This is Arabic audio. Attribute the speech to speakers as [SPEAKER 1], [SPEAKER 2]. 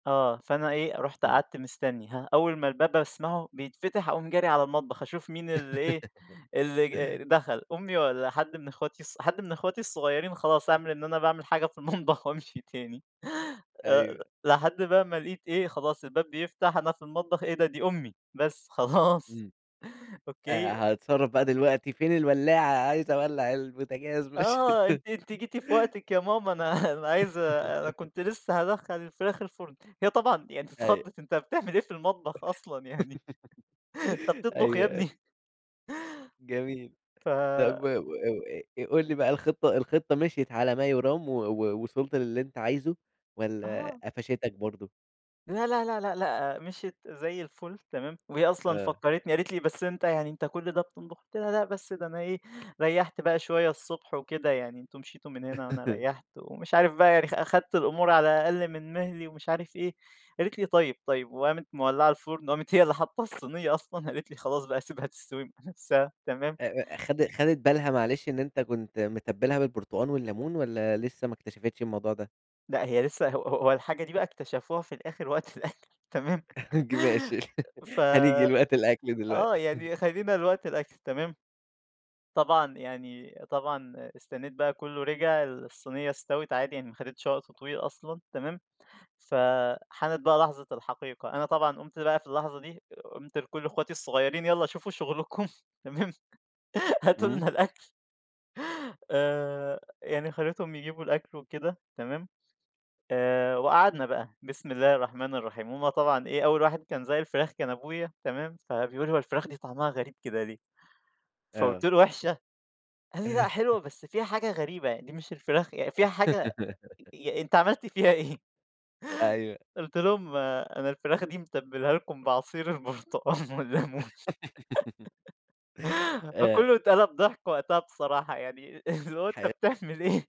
[SPEAKER 1] آه، فأنا إيه رُحت
[SPEAKER 2] امم.
[SPEAKER 1] قعدت مستَني، هاه، أول ما الباب أسمعه بيتفتح، أقوم جاري على المطبخ أشوف مين اللي إيه، اللي ج دخل، أمي، والّا حد من أخواتي الصغ حد من أخواتي الصغيرين؟ خلاص، أعمل إن أنا باعمل حاجة في المطبخ وأمشي تاني. آآ،
[SPEAKER 2] أيوه.
[SPEAKER 1] لحدّ بقى ما لقيت إيه، خلاص الباب بيفتح، أنا في المطبخ. إيه ده؟ دي أمي، بس خلاص.
[SPEAKER 2] إمم.
[SPEAKER 1] أوك.
[SPEAKER 2] آآ، هاتصرّف بقى دلوقتي فين الولاعة؟ عايز أوَلّع البوتجاز، ماش
[SPEAKER 1] آه، "أنتِ أنتِ جيتِ في وقتِك يا ماما، أنا أنا عايز أنا كنت لسه هادَخّل الفراخ الفرن." هي طبعًا يعني ت
[SPEAKER 2] أيوه.
[SPEAKER 1] اتخَضّت، "أنت بتعمل إيه في المطبخ أصلًا يعني! أنت بتطبخ
[SPEAKER 2] أيوه
[SPEAKER 1] يا
[SPEAKER 2] أي
[SPEAKER 1] ابني؟!"
[SPEAKER 2] جميل.
[SPEAKER 1] ف
[SPEAKER 2] طب و و إو آآ، قُل لي بقى، الخطة الخطة مِشيِت على ما يُرام و وصِلت للي أنت عايزه؟ والّا
[SPEAKER 1] آه.
[SPEAKER 2] قفَشِتَك برضه؟
[SPEAKER 1] لا، لا، لا، لا، لأ، مشيِّت زي الفل، تمام؟ وهي أصلًا
[SPEAKER 2] آه.
[SPEAKER 1] فكّرِتني قالِت لي: "بس أنت يعني أنت كل ده بتطبُخ؟ قُلت لها: "لأ، بس ده أنا إيه، ريّحت بقى شوية الصبح وكده، يعني أنتم مشيتوا من هنا وأنا ريّحت." ومش عارف بقى يعني أ أخدت الأمور على أقل من مهلي ومش عارف إيه. قالت لي: "طيب، طيب." وقامِت مولّعة الفُرن، وقامت هي اللي حاطَة الصينية أصلًا، قالت لي: "خلاص بقى، سيبها تستوي مع نفسها." تمام؟
[SPEAKER 2] أ أ خدِ خدِت بالها معلش إن أنت كنت متبّلها بالبرتقان والليمون والّا لسه ما اكتشفتش الموضوع ده؟
[SPEAKER 1] لأ، هي لسه ه ه هو الحاجة دي بقى اكتشفوها في الآخر وقت الأكل، تمام؟
[SPEAKER 2] ج ماشي.
[SPEAKER 1] ف
[SPEAKER 2] هنيجي لوقت الأكل
[SPEAKER 1] آه،
[SPEAKER 2] دلوقتي.
[SPEAKER 1] يعني خلّينا لوقت الأكل، تمام؟ طبعًا يعني طبعًا استنيت بقى كله رِجع، الصينية استوِت، عادي يعني، ما حدِتش وقت طويل أصلًا، تمام؟ فحانت بقى لحظة الحقيقة، أنا طبعًا قُمت بقى في اللحظة دي، قُمت لكل أخوتي الصغيرين "يالّا شوفوا شغلكم، تمام؟ هاتوا
[SPEAKER 2] امم.
[SPEAKER 1] لنا الأكل." آآ، يعني خّليتهم يجيبوا الأكل وكده، تمام؟ آآ وقعدنا بقى، بسم الله الرحمن الرحيم. هُم طبعًا إيه، أول واحد كان ذاق الفراخ كان أبويا، تمام؟ فبيقول: "هي الفراخ دي طعمها غريب كده ليه؟" فقُلت
[SPEAKER 2] آه.
[SPEAKER 1] له: "وحشة؟" قال لي: "لأ، حلوة، بس فيها حاجة غريبة يعني، دي مش الفراخ ي فيها حاجة ي أنت عملت فيها إيه؟"
[SPEAKER 2] أيوه.
[SPEAKER 1] قُلت لهم: "أنا الفراخ دي متبلها لكم بعصير البرتقان والليمون."
[SPEAKER 2] آآ
[SPEAKER 1] فكُلُّه اتقلب ضحك وقتها بصراحة يعني، اللي هو أنت
[SPEAKER 2] حلو.
[SPEAKER 1] بتعمل إيه؟